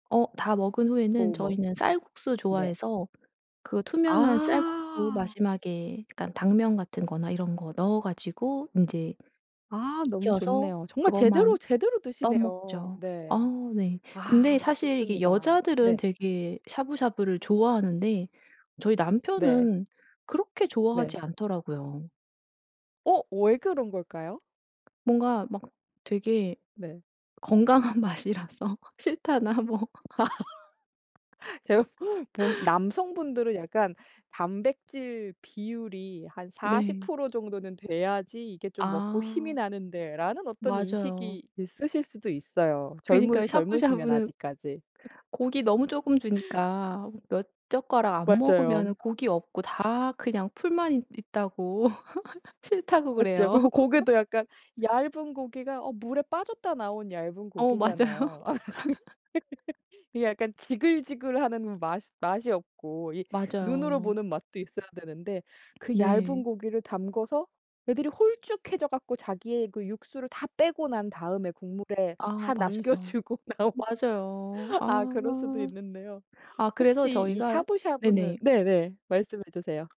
어 다 먹은 후에는 뭐 막 저희는 쌀국수 네. 좋아해서 그 투명한 쌀국수 아. 마지막에 그러니까 당면 같은 거나 이런 거 넣어 가지고 인제 아, 너무 익혀서 좋네요. 정말 제대로 그것만 제대로 드시네요. 떠먹죠. 어 네. 네. 근데 아 사실 이게 좋습니다. 여자들은 네. 되게 샤브샤브를 좋아하는데 저희 네. 남편은 그렇게 네. 좋아하지 않더라고요. 어, 왜 그런 걸까요? 뭔가 막 되게 네. 건강한 맛이라서 싫다나 뭐. 제가 본 남성분들은 약간 '단백질 비율이 한 사십 네. 프로 정도는 돼야지 이게 좀 먹고 힘이 아. 나는데.'라는 어떤 맞아요. 인식이 있으실 수도 있어요. 젊으 그니까요. 젊으시면 샤브샤브는 아직까지. 고기 너무 조금 주니까 몇 젓가락 안 맞아요. 먹으면은 고기 없고 다 그냥 풀만 있 있다고 싫다고 맞죠. 그래요. 그리고 고기도 약간 얇은 고기가 어 물에 빠졌다 나온 얇은 어 맞아요. 고기잖아요. 그래서 이게, 이게 약간 지글지글하는 맛이 맛이 없고 이 눈으로 맞아요. 보는 맛도 있어야 되는데 그 얇은 네. 고기를 담궈서 애들이 홀쭉해져 갖고 자기의 그 육수를 다 빼고 난 다음에 국물에 아 다 남겨 맞아요. 주고 나온 맞아요. 아 그럴 수도 아. 있는데요. 아 그래서 혹시 이 저희가 샤브샤브는 네네. 네네. 말씀해 주세요.